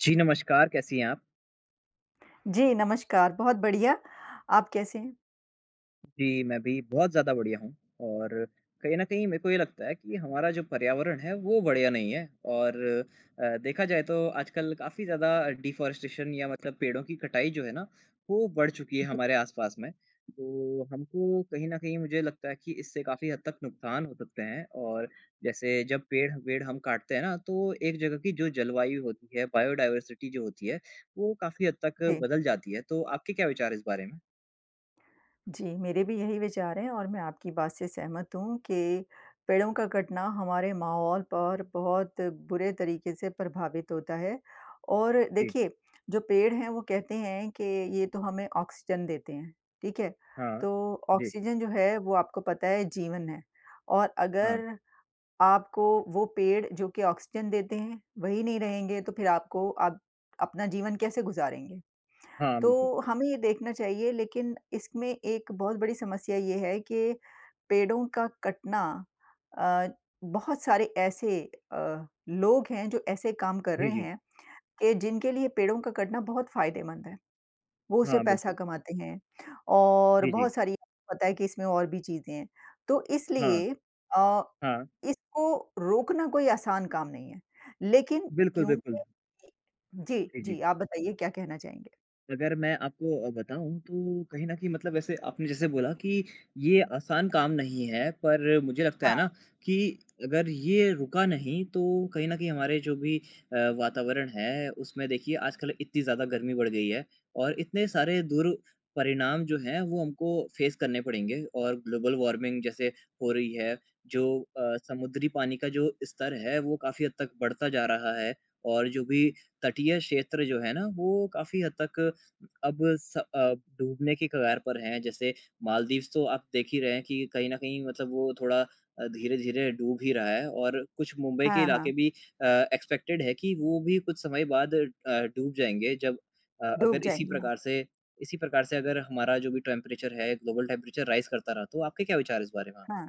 जी, नमस्कार, कैसी हैं आप? जी, नमस्कार, बहुत बढ़िया। आप कैसे हैं? जी, मैं भी बहुत ज़्यादा बढ़ियाँ हूँ, और कहीं न कहीं, मेरे को ये लगता है कि हमारा जो पर्यावरण है, वो बढ़िया नहीं है और अ, देखा जाए, तो आजकल काफ़ी ज़्यादा डिफ़ॉरेस्टेशन या मतलब पेड़ों की कटाई जो है ना, वो बढ़ चुकी है [unintelligible] हमारे आस पास में। तो हमको कहीं न कहीं, मुझे लगता है कि इससे काफ़ी हद तक नुकसान हो सकते हैं और जैसे, जब पेड़-वेड़ हम काटते हैं ना, तो एक जगह की जो जलवायु होती है, बायोडाइवर्सिटी जो होती है, वो काफ़ी हद तक जी। बदल जाती है। तो आपके क्या विचार हैं इस बारे में? जी, मेरे भी यही विचार हैं और मैं आपकी बात से सहमत हूँ कि पेड़ों का कटना हमारे माहौल पर बहुत बुरे तरीके से प्रभावित होता है। और जी। देखिए, जो पेड़ हैं, वो कहते हैं कि ये तो हमें ऑक्सीजन देते हैं। ठीक है? हाँ। तो जी। ऑक्सीजन जो है, वो आपको पता है, जीवन है और हाँ। अगर आपको वो पेड़, जो कि ऑक्सीजन देते हैं, वही नहीं रहेंगे, तो फिर आपको आप अपना जीवन कैसे गुज़ारेंगे? हाँ, बिल्कुल। तो हमें ये देखना चाहिए, लेकिन इसमें एक बहुत बड़ी समस्या ये है कि पेड़ों का कटना अ, बहुत सारे ऐसे अ, लोग हैं, जो ऐसे काम कर जी, रहे जी। हैं, कि जिनके लिए पेड़ों का कटना बहुत फ़ायदेमंद है। वो उससे हाँ, पैसा बिल्कुल। कमाते हैं, और जी, जी। बहुत सारी, पता है कि इसमें और भी चीज़ें हैं। तो हाँ। इसलिए अ, हाँ। इसको रोकना कोई आसान काम नहीं है। लेकिन बिल्कुल, बिल्कुल। क्योंकि इ जी, जी, जी। जी। आप बताइए, क्या कहना चाहेंगे? अगर मैं आपको अ, बताऊँ तो कहीं न कहीं मतलब वैसे आपने जैसे बोला कि ये आसान काम नहीं है पर मुझे लगता है हाँ। ना कि अगर ये रुका नहीं तो कहीं न कहीं हमारे जो भी अ, वातावरण है उसमें देखिए आज कल इतनी ज़्यादा गर्मी बढ़ गई है और इतने सारे दुरपरिणाम जो हैं वो हमको फ़ेस करने पड़ेंगे। और ग्लोबल वार्मिंग जैसे हो रही है जो अ, समुद्री पानी का जो स्तर है वो काफ़ी हद तक बढ़ता जा रहा है। और जो भी तटीय क्षेत्र जो है ना वो काफ़ी हद तक अब स अ, डूबने की कगार पर हैं। जैसे मालदीव्स तो आप देख ही रहे हैं कि कहीं न कहीं मतलब वो थोड़ा अ, धीरे-धीरे डूब ही रहा है और कुछ मुंबई के हाँ, इलाके हाँ। भी अ, एक्सपेक्टेड है कि वो भी कुछ समय बाद अ, डूब जाएँगे जब अ, डूब अगर इसी जाएँगे हाँ। प्रकार से इसी प्रकार से अगर हमारा जो भी टेंपरेचर है, ग्लोबल टेंपरेचर राइज़ करता रहा। तो आपके क्या विचार है इस बारे में? हाँ।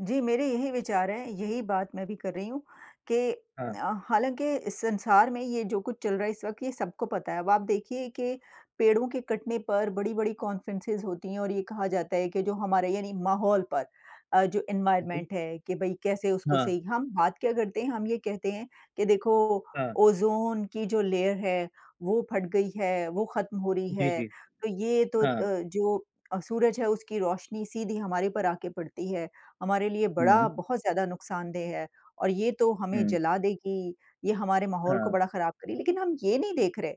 जी, मेरे यही विचार हैं, यही बात मैं भी कर रही हूँ कि अ, हाँ। हालाँकि इस संसार में ये जो कुछ चल रहा है इस वक़्त ये सबको पता है। अब आप देखिये कि पेड़ों के कटने पर बड़ी-बड़ी कॉन्फ़्रेंसिस होती हैं और ये कहा जाता है कि जो हमारे यानी माहौल पर अ, जो बिल्कुल। एनवायरनमेंट है कि भई कैसे उसको हाँ। सही हम बात क्या करते हैं, हम ये कहते हैं कि देखो हाँ। ओज़ोन की जो लेयर है वो फट गई है, वो ख़त्म हो रही जी, है। जी। तो ये तो अ, हाँ। जो सूरज है उसकी रोशनी सीधी हमारे पर आके पड़ती है। हमारे लिए बड़ा हुँ। बहुत ज़्यादा नुकसानदेह है और ये तो हमें हुँ। जला देगी, ये हमारे माहौल को हाँ। बड़ा ख़राब कर रही। लेकिन हम ये नहीं देख रहे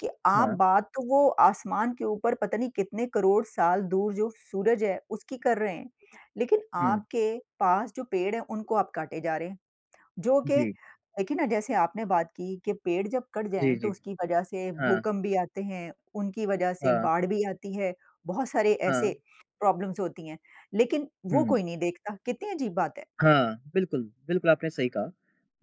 कि आप हाँ। बात तो वो आसमान के ऊपर पता नहीं कितने करोड़ साल दूर जो सूरज है उसकी कर रहे हैं। लेकिन हुँ। आपके पास जो पेड़ हैं उनको आप काटे जा रहे हैं। जो कि जी। देखिए ना जैसे आपने बात की कि पेड़ जब कट जी, जाएँ तो जी। उसकी वज़ह से हाँ। भूकंप भी आते हैं, उनकी वज़ह से हाँ। बाढ़ भी आती है। बहुत सारे ऐसे हाँ। प्रॉब्लम्स होती हैं। लेकिन वो हुँ। कोई नहीं देखता। कितनी अज़ीब बात है। हाँ। बिल्कुल, बिल्कुल आपने सही कहा।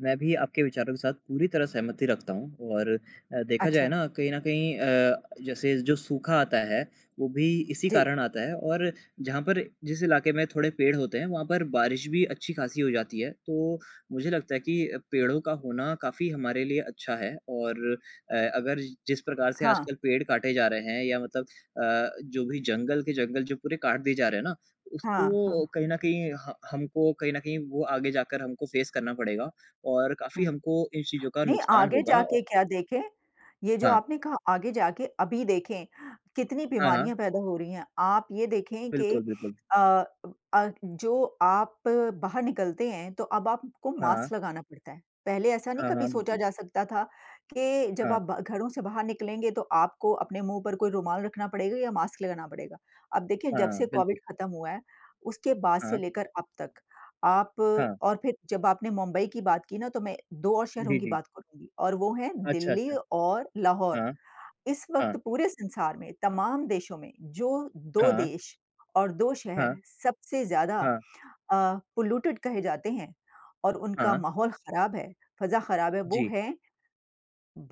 मैं भी आपके विचारों के साथ पूरी तरह सहमति रखता हूँ और अ, देखा जाए अच्छा। ना कहीं न कहीं अ, जैसे जो सूखा आता है वो भी इसी जी। कारण आता है और जहाँ पर जिस इलाके में थोड़े पेड़ होते हैं वहाँ पर बारिश भी अच्छी-खासी हो जाती है। तो मुझे लगता है कि, पेड़ो का होना काफ़ी हमारे लिए अच्छा है और अ, अगर जिस प्रकार से हाँ। आजकल पेड़ काटे जा रहे हैं या मतलब अ, जो भी जंगल के जंगल जो पूरे काट दिए जा रहे हैं ना, हाँ, उसको हाँ। कहीं न कहीं ह हमको कहीं न कहीं वो आगे जाकर हमको फ़ेस करना पड़ेगा और काफ़ी हुँ। हमको इन चीज़ों का नहीं नुकसान आगे होगा औ जाके क्या देखें, ये जो हाँ। आपने कहा आगे जाके, अभी देखें कितनी हाँ, हाँ। बीमारियाँ पैदा हो रही हैं। आप ये देखें कि बिल्कुल, बिल्कुल। अ अ, जो आप बाहर निकलते हैं तो अब आपको हाँ। मास्क लगाना पड़ता है। पहले ऐसा नहीं हाँ, कभी हाँ। सोचा बिल्कुल। जा सकता था कि जब हाँ। आप घरों से बाहर निकलेंगे तो आपको अपने मुँह पर कोई रुमाल रखना पड़ेगा या मास्क लगाना पड़ेगा। अब देखिए जब से हाँ बिल्कुल। कोविड ख़त्म हुआ है, उसके बाद से हाँ। लेकर अब तक आप हाँ। और फिर जब आपने मुंबई की बात की ना तो मैं 2 और शहरों जी, की जी। बात करुँगी और वो हैं अच्छा, दिल्ली अच्छा। और लाहौर। हाँ। इस वक़्त हाँ। पूरे संसार में तमाम देशों में जो 2 हाँ। देश और 2 शहर हाँ। सबसे ज़्यादा अ, हाँ। पॉल्यूटेड कहे जाते हैं और उनका हाँ। माहौल ख़राब है, फ़ज़ा ख़राब है, वो जी। हैं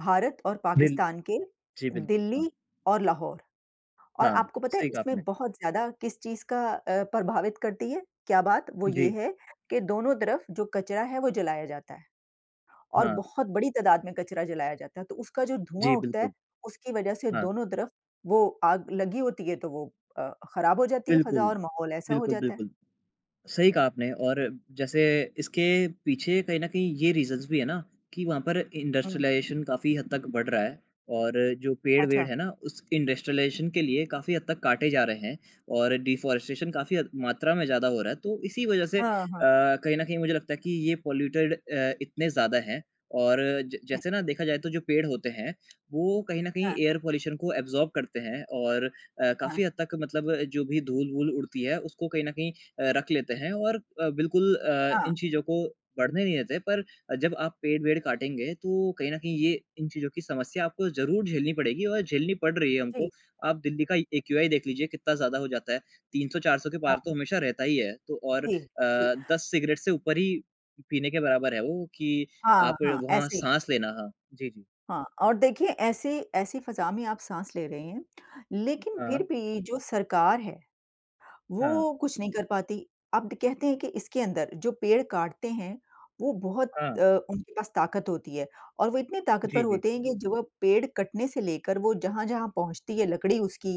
भारत और बिल् पाकिस्तान के जी। बिल्कुल, हाँ। दिल्ली और लाहौर। और हाँ, आपको पता है सही कहा आपने। इसमें बहुत ज़्यादा किस चीज़ का अ, प्रभावित करती है, क्या बात? वो ये जी। है कि दोनों तरफ़ जो कचरा है वो जलाया जाता है। और हाँ। बहुत बड़ी तादाद में कचरा जलाया जाता है। तो उसका जो धुआँ जी उठता है, बिल्कुल। उसकी वज़ह से हाँ। दोनों तरफ़ वो आग लगी होती है तो वो अ, ख़राब हो जाती है बिल्कुल, फ़ज़ा और माहौल ऐसा हो बिल्कुल, जाता है। बिल्कुल। सही कहा आपने और जैसे इसके पीछे कहीं न कहीं ये रीज़न्स भी है ना कि वहाँ पर हुँ। इंडस्ट्रियलाइज़ेशन काफ़ी हद तक बढ़ रहा है और जो पेड़-वेड़ अच्छा। हैं ना उस इंडस्ट्रियलाइज़ेशन के लिए काफ़ी हद तक काटे जा रहे हैं और डिफॉरेस्टेशन काफ़ी मात्रा में ज़्यादा हो रहा है। तो इसी वज़ह से अ, हाँ, हाँ। कहीं न कहीं मुझे लगता है कि ये पॉल्यूटेड अ, इतने ज़्यादा हैं और ज हुँ। जैसे ना देखा जाए तो जो पेड़ होते हैं वो कहीं न कहीं हाँ। एयर पॉल्यूशन को एब्जॉर्ब करते हैं और, अ, काफ़ी हाँ। हद तक मतलब जो भी धूल-वूल उड़ती है उसको कहीं न कहीं अ, रख लेते हैं और अ, बिल्कुल अ, हाँ। इन चीज़ों को बढ़ने नहीं देते पर जब आप पेड़-वेड काटेंगे तो कहीं न कहीं ये इन चीज़ों की समस्या आपको ज़रूर झेलनी पड़ेगी और झेलनी पड रही है हमको। जी। आप दिल्ली का एक्यूआई देख लीजिए कितना ज़्यादा हो जाता है। 300-400 के पार हाँ। तो हमेशा रहता ही है। तो और अ, जी, जी। 10 सिगरेट से ऊपर ही पीने के बराबर है वो कि हाँ, आप हाँ। वहाँ ऐसे ही। साँस लेना हाँ, जी, जी। हाँ और देखिए ऐसी ऐसी फ़ज़ा में आप साँस ले रहे हैं। लेकिन फिर हाँ। भी जो सरकार है हाँ। वो कुछ नहीं कर पाती। अब कहते हैं कि इसके अंदर जो पेड़ काटते हैं वो बहुत हाँ। अ, उनके पास ताकत होती है और वो इतने जी, ताकतवर जी। होते हैं कि जो वो पेड़ कटने से लेकर वो जहाँ-जहाँ पहुँचती है लकड़ी उसकी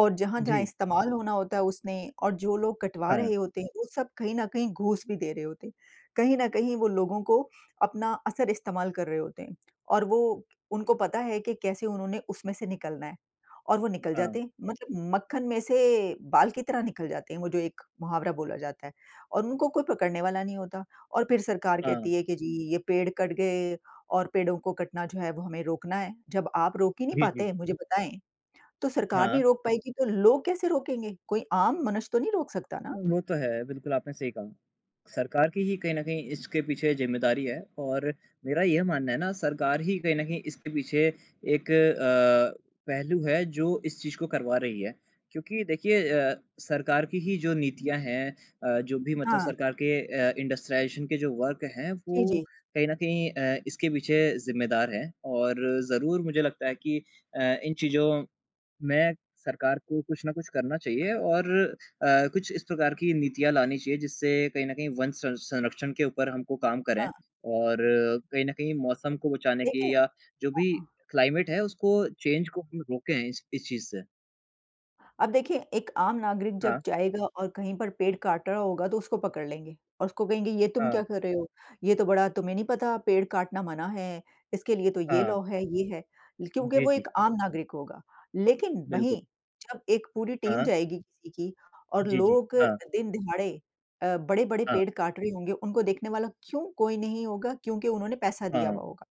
और जहाँ-जहाँ जी। इस्तेमाल होना होता है उसने और जो लोग कटवा हाँ। रहे होते हैं वो सब कहीं न कहीं घूस भी दे रहे होते हैं। कहीं न कहीं वो लोगों को अपना असर इस्तेमाल कर रहे होते हैं और वो, उनको पता है कि कैसे उन्होंने उसमें से निकलना है। और वो निकल हाँ। जाते हैं। मतलब मक्खन में से बाल की तरह निकल जाते हैं, वो जो एक मुहावरा बोला जाता है। और उनको कोई पकड़ने वाला नहीं होता और फिर सरकार हाँ। कहती है कि जी ये पेड़ कट गए और पेड़ों को कटना जो है वो हमें रोकना है। जब आप रोक ही नहीं जी, जी। पाते, मुझे बताएँ। तो सरकार हाँ। नहीं रोक पाएगी तो लोग कैसे रोकेंगे? कोई आम मनुष्य तो नहीं रोक सकता ना। वो तो है बिल्कुल आपने सही कहा। सरकार की ही कहीं न कहीं इसके पीछे ज़िम्मेदारी है और मेरा यह मानना है ना सरकार ही कहीं न कहीं इसके पीछे एक अ, पहलू है जो इस चीज़ को करवा रही है। क्योंकि देखिए अ, सरकार की ही जो नीतियाँ हैं अ, जो भी मतलब हाँ। सरकार के अ, इंडस्ट्रिलाइज़ेशन के जो वर्क़ हैं जी, वो जी। कहीं न कहीं अ, इसके पीछे ज़िम्मेदार हैं। और ज़रूर मुझे लगता है कि अ, इन चीज़ों में सरकार को कुछ न कुछ करना चाहिए और अ, कुछ इस प्रकार की नीतियाँ लानी चाहिए जिससे कहीं न कहीं वन सं संरक्षण के ऊपर हमको काम करें। हाँ। और कहीं न कहीं मौसम को बचाने देखें की या जो हाँ, भी हाँ। क्लाइमेट है उसको चेंज़ को हम रोकें इस इस चीज़ से। अब देखिए, एक आम नागरिक जब हाँ। जाएगा और कहीं पर पेड़ काट रहा होगा तो उसको पकड़ लेंगे और उसको कहेंगे, "ये तुम हाँ। क्या कर रहे हो? ये तो बड़ा तुम्हें नहीं पता, पेड़ काटना मना है? इसके लिए तो ये हाँ। लॉ है, ये है।" क्योंकि जी, वो जी। एक आम नागरिक होगा। लेकिन बिल्कुल। वहीं जब एक पूरी टीम हाँ। जाएगी किसी की और जी, जी। लोग हाँ। दिन-दहाड़े अ, बड़े-बड़े हाँ। पेड़ काट रहे होंगे, उनको देखने वाला क्यों कोई नहीं होगा क्योंकि उन्होंने पैसा दिया हाँ। हुआ होगा।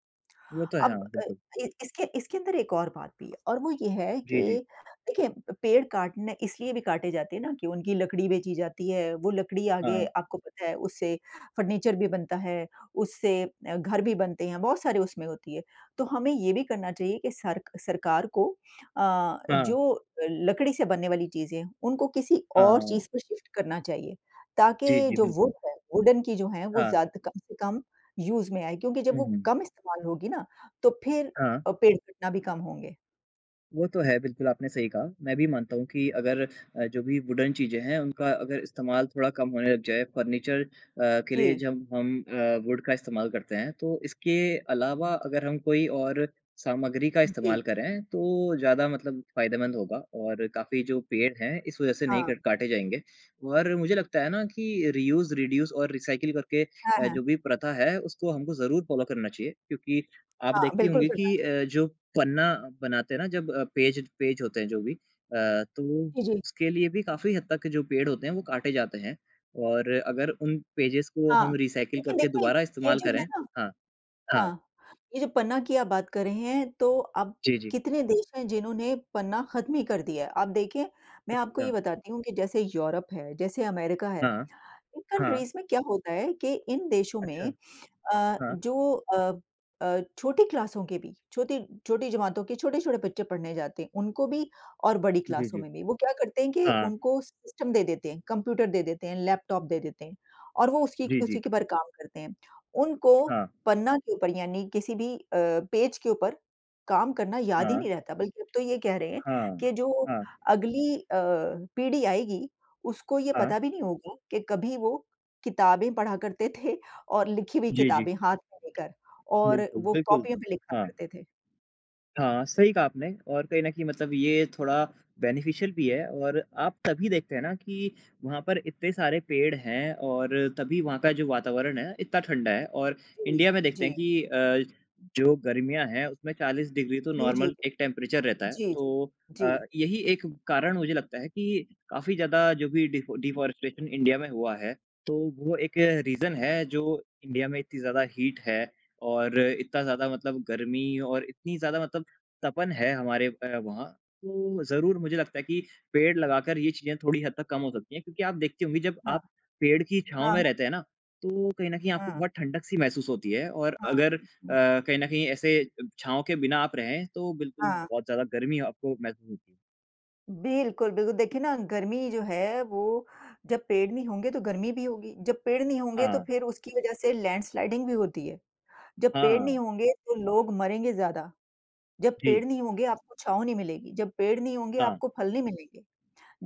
वो तो है अब हाँ, अ बिल्कुल। अ, इसके इसके अंदर एक और बात भी है और वो ये है कि जी, जी। देखिए पेड़ काटने इसलिए भी काटे जाते हैं ना कि उनकी लकड़ी बेची जाती है। वो लकड़ी आगे हाँ। आपको पता है उससे फर्नीचर भी बनता है, उससे अ, घर भी बनते हैं, बहुत सारी उसमें होती हैं। तो हमें ये भी करना चाहिए कि सरक सरकार को अ, हाँ। जो लकड़ी से बनने वाली चीज़ें हैं, उनको किसी और हाँ। चीज़ पे शिफ्ट करना चाहिए, जी, ताकि जी, जो वुड बिल्कुल। है, वुडन की जो हैं, वो हाँ। ज़्यादा कम से कम यूज़ में आएँ क्योंकि जब वो उहुँ। कम इस्तेमाल होगी ना तो फिर हाँ। अ, पेड़ कटना भी कम होंगे। वो तो है, बिल्कुल आपने सही कहा। मैं भी मानता हूँ कि अगर अ, जो भी वुडन चीज़ें हैं, उनका अगर इस्तेमाल थोड़ा कम होने लग जाए फर्नीचर अ, के लिए जी। जब हम अ, वुड का इस्तेमाल करते हैं तो इसके अलावा अगर हम कोई और सामग्री का हुँ, जी। इस्तेमाल करें, तो ज़्यादा मतलब फायदेमंद होगा और काफ़ी जो पेड़ हैं इस वजह से नहीं हाँ। कट काटे जाएँगे। और मुझे लगता है ना कि रियूज़, रिड्यूस और रिसाइकिल करके हाँ, अ, हाँ। जो भी प्रथा है उसको हमको ज़रूर फ़ॉलो करना चाहिए क्योंकि आप हाँ, देखती बिल्कुल होंगी करना कि चाहिए। अ, जो पन्ना बनाते हैं ना जब अ, पेज पेज होते हैं जो भी अ, तो जी, जी। उसके लिए भी काफ़ी हद तक के जो पेड़ होते हैं वो काटे जाते हैं और अगर उन पेजेज़ को हाँ। हम रिसाइकिल लेकिन करके देंखें दोबारा ये इस्तेमाल जो करें है ना हाँ, हाँ। हाँ, ये जो पन्ना की आप बात कर रहे हैं तो अब जी, जी। कितने देश हैं जिन्होंने पन्ना खत्म ही कर दिया है। आप देखिए, मैं आपको ये अच्छा। बताती हूँ कि जैसे यूरोप है, जैसे अमेरिका है, हाँ, इन हाँ। कंट्रीज़ में क्या होता है कि इन देशों अच्छा, में अ, हाँ। जो अ अ, छोटी क्लासों के भी छोटी छोटी जमातों के छोटे-छोटे बच्चे पढ़ने जाते हैं, उनको भी और बड़ी जी, क्लासों जी। में भी, वो क्या करते हैं कि हाँ। उनको सिस्टम दे देते हैं, कंप्यूटर दे देते हैं, लैपटॉप दे देते हैं और वो उसकी जी, जी। उसी के ऊपर काम करते हैं। उनको हाँ। पन्ना के ऊपर यानी किसी भी अ, पेज के ऊपर काम करना याद ही हाँ। नहीं रहता। बल्कि अब तो ये कह रहे हैं, हाँ, कि जो हाँ। अगली अ, पीढ़ी आएगी, उसको ये हाँ। पता भी नहीं होगा कि कभी वो किताबें पढ़ा करते थे और लिखी हुई जी, जी। किताबें हाथ में लेकर और बिल्कुल, वो बिल्कुल, कॉपियों पे लिखा हाँ। करते थे। हाँ, सही कहा आपने और कहीं न कहीं मतलब ये थोड़ा बेनिफिशियल भी है और आप तभी देखते हैं ना कि वहाँ पर इतने सारे पेड़ हैं और तभी वहाँ का जो वातावरण है, इतना ठंडा है और जी, इंडिया में देखते जी। हैं कि अ, जो गर्मियाँ हैं, उसमें 40 डिग्री तो जी, जी। नॉर्मल एक टेंपरेचर रहता है। जी, जी। तो अ, जी। यही एक कारण मुझे लगता है कि काफ़ी ज़्यादा जो भी डीफ़ॉ डीफ़ॉरेस्टेशन इंडिया में हुआ है, तो वो एक रीज़न है, जो इंडिया में इतनी ज़्यादा हीट है और इतना ज़्यादा मतलब गर्मी और इतनी ज़्यादा मतलब तपन है हमारे ऊपर वहाँ। तो ज़रूर मुझे लगता है कि पेड़ लगाकर ये चीज़ें थोड़ी हद तक कम हो सकती हैं क्योंकि आप देखती होंगी जब हाँ। आप पेड़ की छाँव हाँ। में रहते हैं ना, तो कहीं न कहीं अ, आपको हाँ। बहुत ठंडक-सी महसूस होती है और अगर अ, हाँ। कहीं न कहीं ऐसे अ, छाँव के बिना आप रहें, तो बिल्कुल हाँ। बहुत ज़्यादा गर्मी आपको महसूस बिल्कुल, बिल्कुल। देखिए, ना गर्मी जो है वो जब पेड़ नहीं होंगे, तो गर्मी भी होगी। जब पेड़ नहीं होंगे, तो हाँ। फ़िर उसकी वज़ह से लैंडस्लाइडिंग भी होती है। जब पेड़ हाँ। नहीं होंगे, तो लोग मरेंगे ज़्यादा। जब जी। पेड़ नहीं होंगे, आपको छाँव नहीं मिलेगी। जब पेड़ नहीं होंगे, हाँ। आपको फ़ल नहीं मिलेंगे।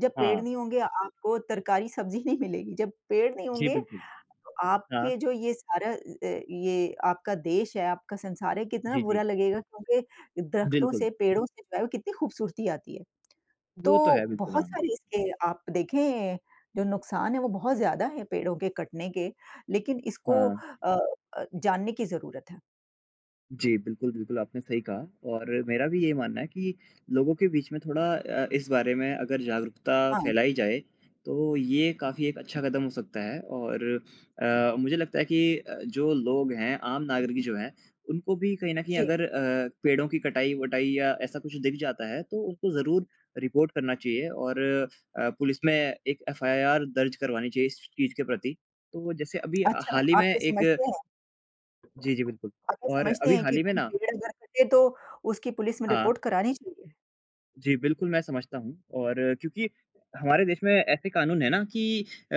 जब पेड़ हाँ। नहीं होंगे, आपको तरकारी, सब्ज़ी नहीं मिलेगी। जब पेड़ नहीं जी होंगे, बिल्कुल। तो हाँ। आपके जो ये सारा अ अ, ये आपका देश है, आपका संसार है, कितना जी, जी। बुरा लगेगा क्योंकि दरख्तों बिल्कुल। से पेड़ों से पहले कितनी ख़ूबसूरती आती है। तो वो तो है। बिल्कुल बहुत हाँ। सारे इसके आप देखें जो नुकसान है वो बहुत ज़्यादा हैं पेड़ों के कटने के, लेकिन इसको हाँ। अ अ, जानने की ज़रूरत है। जी, बिल्कुल, बिल्कुल आपने सही कहा और मेरा भी यही मानना है कि लोगों के बीच में थोड़ा अ, इस बारे में अगर जागरूकता हाँ। फ़ैलाई जाए तो ये काफ़ी एक अच्छा कदम हो सकता है और अ, मुझे लगता है कि अ, जो लोग हैं आम नागरिक जो हैं उनको भी कहीं न कहीं जी। अगर अ, पेड़ों की कटाई-वटाई या ऐसा कुछ दिख जाता है तो उनको ज़रूर रिपोर्ट करना चाहिए और अ, पुलिस में एक एफ़आईआर दर्ज करवानी चाहिए इस स चीज़ के प्रति। तो, जैसे अभी अच्छा, हाल ही आप में ये एक समझते हैं? जी, जी। बिल्कुल अगर और समझते अभी हैं हाल कि ही में कोई ना पेड़ अगर कटे तो उसकी पुलिस में हाँ। रिपोर्ट करानी चाहिए। जी, बिल्कुल मैं समझता हूँ और क्योंकि हमारे देश में ऐसे कानून हैं ना कि अ,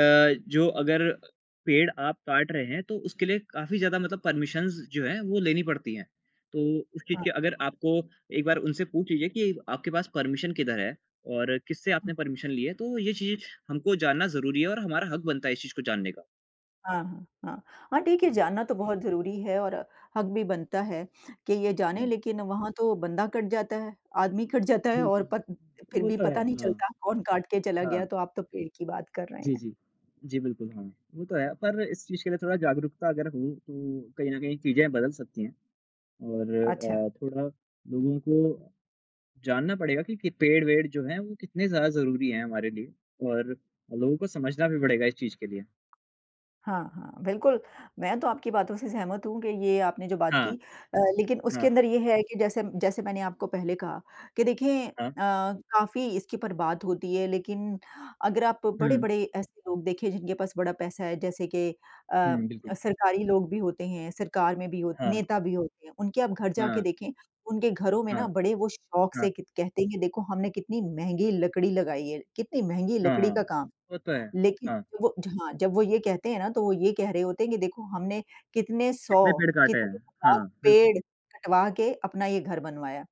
जो अगर पेड़ आप काट रहे हैं तो उसके लिए काफ़ी ज़्यादा मतलब परमिशन्स जो हैं, वो लेनी पड़ती हैं। तो उस चीज़ हाँ। के अगर आपको एक बार उनसे पूछ लीजिए कि आपके पास परमिशन किधर है और किससे हुँ। आपने परमिशन ली है? तो ये चीज़ हमको जानना ज़रूरी है और हमारा हक बनता है इस चीज़ को जानने का। हाँ, हाँ, हाँ। हाँ, ठीक है, जी। जानना तो बहुत ज़रूरी है और हक भी बनता है कि ये जानें हाँ। लेकिन वहाँ तो बंदा कट जाता है, आदमी कट जाता है और बिल्कुल। पर फ़िर वो भी तो है, पता नहीं हाँ। चलता कौन काट के चला गया। हाँ। तो आप तो पेड़ की बात कर रहे जी, हैं। जी। जी, बिल्कुल हाँ, वो तो है। पर इस चीज़ के लिए थोड़ा जागरूकता अगर हो तो कहीं न कहीं चीज़ें बदल सकती हैं। और अच्छा। अ, थोड़ा लोगों को, जानना पड़ेगा कि पेड़-वेढ़ जो हैं वो कितने ज़्यादा ज़रूरी हैं हमारे लिए और लोगों को समझना भी पड़ेगा इस चीज़ के लिए। हाँ, हाँ। बिल्कुल, मैं तो आपकी बातों से सहमत हूँ कि ये आपने जो बात की। हाँ। अ, लेकिन उसके हाँ। अंदर ये है कि जैसे जैसे मैंने आपको पहले कहा कि देखिए हाँ। अ, काफ़ी इसके ऊपर बात होती है लेकिन अगर आप हुँ। बड़े-बड़े ऐसे लोग देखें जिनके पास बड़ा पैसा है। जैसे के अ, हुँ, बिल्कुल। सरकारी लोग भी होते हैं, सरकार में भी हो हाँ। नेता भी होते हैं। उनके आप घर जाके हाँ। देखें, उनके घरों में ना हाँ। बड़े वो शौक से हाँ। क कहते हैं कि देखो हमने कितनी महँगी लकड़ी लगाई है, कितनी महँगी हाँ, लकड़ी हाँ। का काम वो तो है। है। लेकिन हाँ। वो जहाँ जब वो ये कहते हैं ना, तो वो ये कह रहे होते हैं कि देखो हमने कितने कितने 100 पेड़ काटे हैं? कितने हज़ार हाँ, बिल्कुल। पेड़ कटवा के अपना ये घर बनवाया।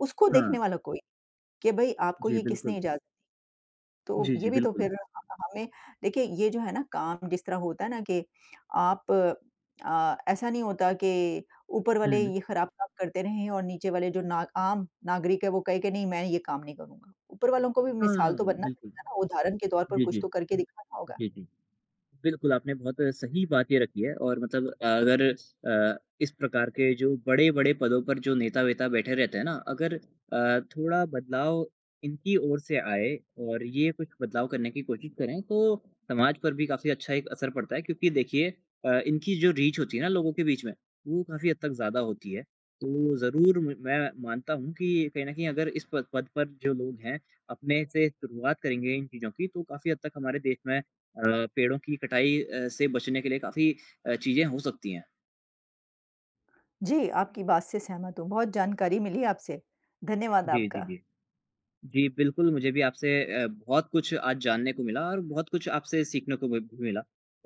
उसको देखने हाँ। वाला कोई नहीं के भाई आपको जी, ये किसने बिल्कुल। इज़ाज़त तो जी, जी। ये भी तो बिल्कुल। फ़िर हमें देखिए, ये जो है ना काम जिस तरह होता है ना के आप अ, ऐसा नहीं होता के ऊपर वाले हुँ। ये ख़राब काम करते रहें और नीचे वाले जो ना आम नागरिक हैं वो कहे कि नहीं मैं ये काम नहीं करूँगा। ऊपर वालों को भी मिसाल हाँ, तो बनना बिल्कुल। पड़ेगा ना, उदाहरण के तौर पर जी, कुछ जी। तो करके दिखाना होगा। जी, जी। बिल्कुल, आपने बहुत सही बात ये रखी है और मतलब अ, अगर अ, इस प्रकार के जो बड़े-बड़े पदों पर जो नेता-वेता बैठे रहते हैं ना। अगर अ, थोड़ा बदलाव इनकी ओर से आए और ये कुछ बदलाव करने की कोशिश करें। तो समाज पर भी काफ़ी अच्छा एक असर पड़ता है। क्योंकि देखिए अ, इनकी जो रीच होती है ना, लोगों के बीच में वो काफ़ी हद तक ज़्यादा होती है। तो ज़रूर मैं मानता हूँ कि कहीं न कहीं अगर इस पद पद पर जो लोग हैं अपने से शुरुआत करेंगे इन चीज़ों की, तो काफ़ी हद तक हमारे देश में अ, पेड़ों की कटाई अ, से बचने के लिए काफ़ी अ, चीज़ें हो सकती हैं। जी, आपकी बात से सहमत हूँ, बहुत जानकारी मिली आपसे। धन्यवाद जी, जी, आपका। जी। जी, बिल्कुल मुझे भी आपसे अ, बहुत कुछ आज जानने को मिला और बहुत कुछ आपसे सीखने को भी मिला।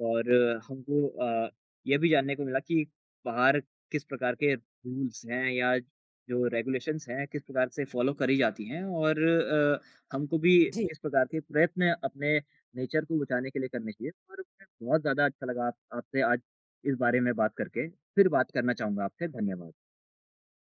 और हमको अ, ये भी जानने को मिला कि बाहर किस प्रकार के रूल्स हैं या जो रेगुलेशंस हैं किस प्रकार से फ़ॉलो करी जाती हैं। और अ, हमको भी जी। किस प्रकार के प्रयत्न अपने नेचर को बचाने के लिए करने चाहिए। और बहुत ज़्यादा अच्छा लगा आप आपसे आज इस बारे में बात करके फ़िर बात करना चाहूँगा आपसे। धन्यवाद।